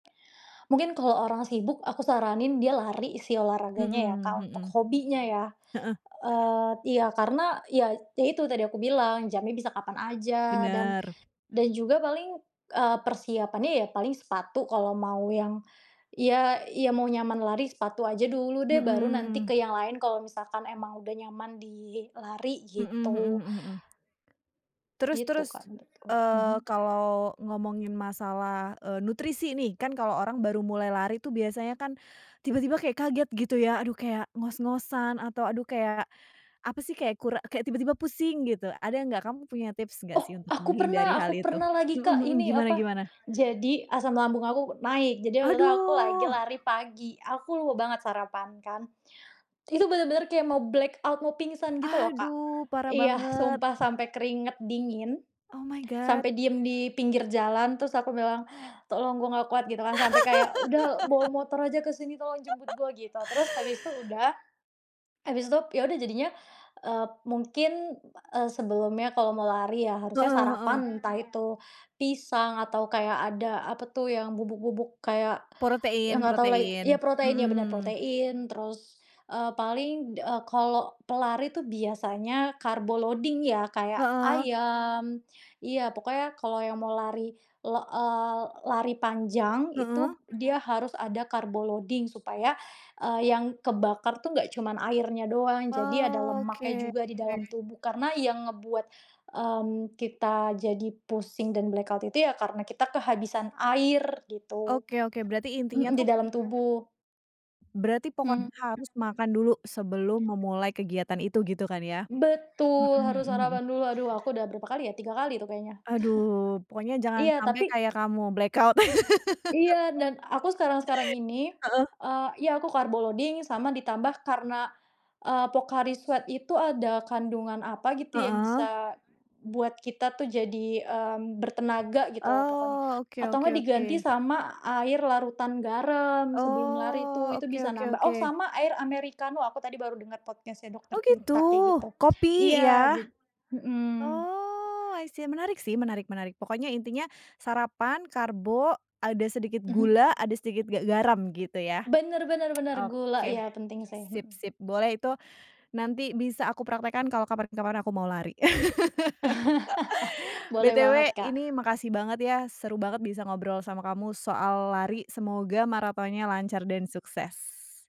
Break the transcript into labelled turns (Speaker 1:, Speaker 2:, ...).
Speaker 1: Mungkin kalau orang sibuk, aku saranin dia lari sih olahraganya ya,
Speaker 2: Mhm,
Speaker 1: Kak, untuk
Speaker 2: mhm.
Speaker 1: hobinya ya.
Speaker 2: Heeh.
Speaker 1: Eee iya karena, ya itu, itu tadi aku bilang jamnya bisa kapan saja dan,
Speaker 2: Benar.
Speaker 1: dan juga paling, eee, persiapannya ya paling sepatu kalau mau yang ya ya mau nyaman lari sepatu aja dulu deh, baru nanti
Speaker 2: Mhm.
Speaker 1: ke yang lain kalau misalkan emang udah nyaman di lari,
Speaker 2: Mhm mhm
Speaker 1: gitu.
Speaker 2: mhm mhm. Terus
Speaker 1: Gitu
Speaker 2: terus,
Speaker 1: Kak menurutku.
Speaker 2: eee,
Speaker 1: Mhm.
Speaker 2: kalau ngomongin masalah, eee, nutrisi nih. Kan kalau orang baru mulai lari tuh biasanya kan, tiba-tiba kayak kaget gitu ya, aduh kayak ngos-ngosan atau aduh, kayak apa sih, kayak kura kayak tiba-tiba pusing gitu. Ada enggak, kamu punya tips enggak sih
Speaker 1: Oh
Speaker 2: untuk
Speaker 1: aku pernah
Speaker 2: menghindari hal
Speaker 1: aku
Speaker 2: itu?
Speaker 1: pernah lagi,
Speaker 2: Mhm
Speaker 1: Kak.
Speaker 2: mhm,
Speaker 1: Ini
Speaker 2: gimana
Speaker 1: apa?
Speaker 2: gimana?
Speaker 1: Jadi asam lambung aku naik, jadi waktu itu aku lagi
Speaker 2: Aduh!
Speaker 1: lari pagi. Aku lupa banget sarapan kan. Itu bener-bener kayak mau black out, mau pingsan gitu loh Kak.
Speaker 2: Aduh parah
Speaker 1: Iya,
Speaker 2: banget!
Speaker 1: sumpah sampai keringat dingin.
Speaker 2: Oh my god!
Speaker 1: Sampai diam di pinggir jalan terus aku bilang, "Tolong gua enggak kuat," gitu kan. Sampai kayak, "Sudah bawa motor saja ke sini tolong jemput gua," gitu. Terus habis itu sudah. Habis itu iya sudah jadinya, eee, mungkin, eee, sebelumnya kalau mau lari ya harusnya
Speaker 2: Heeh heeh.
Speaker 1: sarapan. Entah itu pisang atau kayak ada apa tuh yang bubuk-bubuk kayak, iya
Speaker 2: Protein,
Speaker 1: enggak tahu lagi iya
Speaker 2: protein,
Speaker 1: protein, iya benar
Speaker 2: mhm.
Speaker 1: protein. Terus, eee, paling, eee, kalau pelari tuh biasanya karbo loading ya, kayak
Speaker 2: Heeh.
Speaker 1: ayam iya pokoknya kalau yang mau lari, la eee, lari panjang,
Speaker 2: Heeh.
Speaker 1: itu dia harus ada karbo loading supaya eee, yang kebakar tuh enggak cuman airnya doang. Jadi ada lemaknya
Speaker 2: Oke.
Speaker 1: juga di dalam tubuh. Karena yang ngebuat, mmm, kita jadi pusing dan black out itu ya karena kita kehabisan air begitu.
Speaker 2: Oke oke, berarti intinya
Speaker 1: Mhm, di
Speaker 2: tuh
Speaker 1: dalam tubuh.
Speaker 2: berarti pokoknya
Speaker 1: Mhm.
Speaker 2: harus makan dulu, sebelum memulai kegiatan itu gitu kan ya? Mhm
Speaker 1: Betul! Harus
Speaker 2: mhm mhm.
Speaker 1: sarapan dulu. Aduh, aku sudah berapa kali ya, 3 kali tuh kayaknya.
Speaker 2: Aduh! Pokoknya jangan
Speaker 1: Iya,
Speaker 2: sampai
Speaker 1: tapi
Speaker 2: kayak kamu black out.
Speaker 1: Iya dan aku sekarang-sekarang ini,
Speaker 2: Heeh.
Speaker 1: eee iya aku karbo loading sama ditambah karena, eee, Pocari Sweat itu ada kandungan apa gitu, yang
Speaker 2: Heeh.
Speaker 1: bisa buat kita tuh jadi, mmm, bertenaga gitu lah pokoknya.
Speaker 2: Oh, oke
Speaker 1: Atau
Speaker 2: oke
Speaker 1: enggak diganti
Speaker 2: oke.
Speaker 1: sama air larutan garam sebelum lari
Speaker 2: Oh,
Speaker 1: tuh, itu
Speaker 2: oke
Speaker 1: bisa
Speaker 2: oke
Speaker 1: nambah oh
Speaker 2: oke.
Speaker 1: sama air Americano. Aku tadi baru denger podcast nya dokter
Speaker 2: Oh gitu.
Speaker 1: Tirta kayak gitu.
Speaker 2: Kopi,
Speaker 1: Iya
Speaker 2: ya?
Speaker 1: jad mhm.
Speaker 2: Oh I see, menarik sih, menarik menarik. Pokoknya intinya sarapan, karbo, ada sedikit
Speaker 1: Mhm.
Speaker 2: gula, ada sedikit ga garam, gitu ya?
Speaker 1: Benar benar benar, gula,
Speaker 2: Oke.
Speaker 1: iya penting sih.
Speaker 2: sip
Speaker 1: Mhm.
Speaker 2: sip. Boleh itu, nanti bisa aku praktekkan kalau kapan-kapan aku mau lari.
Speaker 1: Boleh banget,
Speaker 2: Btw
Speaker 1: Kak.
Speaker 2: ini makasih banget ya, seru banget bisa ngobrol sama kamu soal lari. Semoga marathonnya lancar dan sukses.